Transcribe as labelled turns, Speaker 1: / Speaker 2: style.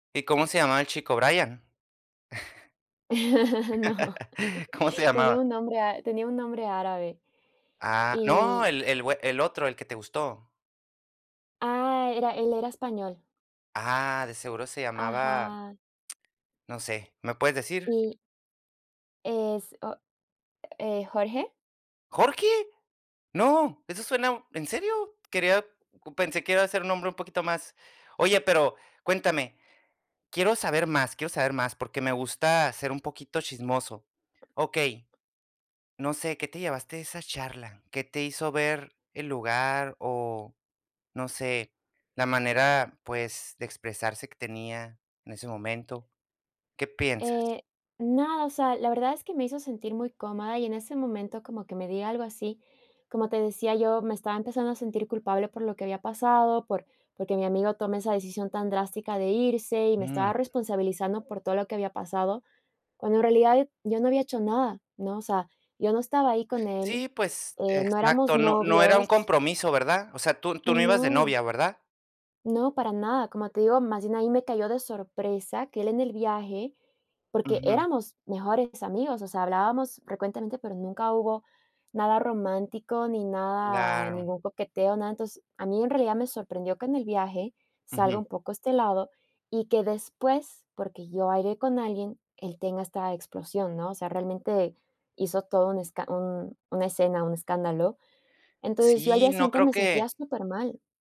Speaker 1: ¿Y cómo se llamaba el chico? ¿Brian?
Speaker 2: No.
Speaker 1: ¿Cómo se
Speaker 2: Tenía
Speaker 1: llamaba?
Speaker 2: un nombre a tenía un nombre árabe
Speaker 1: Ah, ¡no!
Speaker 2: y
Speaker 1: El el güe el otro, el que te gustó.
Speaker 2: Ah, era él era español.
Speaker 1: Ah, de seguro se llamaba
Speaker 2: Ajá.
Speaker 1: no sé, ¿me puedes decir?
Speaker 2: Y es o Eh, Jorge.
Speaker 1: ¡¿Jorge?!, ¡no!, eso suena ¿en serio? Quería pensé, que iba a ser un nombre un poquito más Oye, pero cuéntame, quiero saber más, quiero saber más, porque me gusta ser un poquito chismoso. Okey, no sé, ¿qué te llevaste de esa charla? ¿Qué te hizo ver el lugar, o no sé, la manera, pues, de expresarse que tenía en ese momento? ¿Qué piensas?
Speaker 2: Eh, nada, o sea, la verdad es que me hizo sentir muy cómoda, y en ese momento como que me diga algo así, como te decía, yo me estaba empezando a sentir culpable por lo que había pasado, por porque mi amigo tome esa decisión tan drástica de irse, y me
Speaker 1: Mm.
Speaker 2: estaba responsabilizando por todo lo que había pasado, cuando en realidad, yo no había hecho nada, ¿no? O sea, yo no estaba ahí con él,
Speaker 1: Sí, pues
Speaker 2: eh, no éramos
Speaker 1: Exacto, no no era un
Speaker 2: novios.
Speaker 1: compromiso, ¿verdad? O sea, tú tú no ibas de
Speaker 2: No.
Speaker 1: novia, ¿verdad?
Speaker 2: No, para nada, como te digo, más bien, ahí me cayó de sorpresa que él en el viaje porque
Speaker 1: Ujú.
Speaker 2: éramos mejores amigos, o sea, hablábamos frecuentemente, pero nunca hubo nada romántico ni nada
Speaker 1: Claro.
Speaker 2: ningún coqueteo, nada. Entonces, a mí en realidad me sorprendió que en el viaje, salga
Speaker 1: Ujú.
Speaker 2: un poco este lado, y que después porque yo bailé con alguien, él tenga esta explosión, ¿no?, o sea, realmente, hizo todo un escan un una escena, un escándalo, entonces, yo al
Speaker 1: Sí,
Speaker 2: día
Speaker 1: no
Speaker 2: siguiente
Speaker 1: creo
Speaker 2: me
Speaker 1: que
Speaker 2: sentía supermal.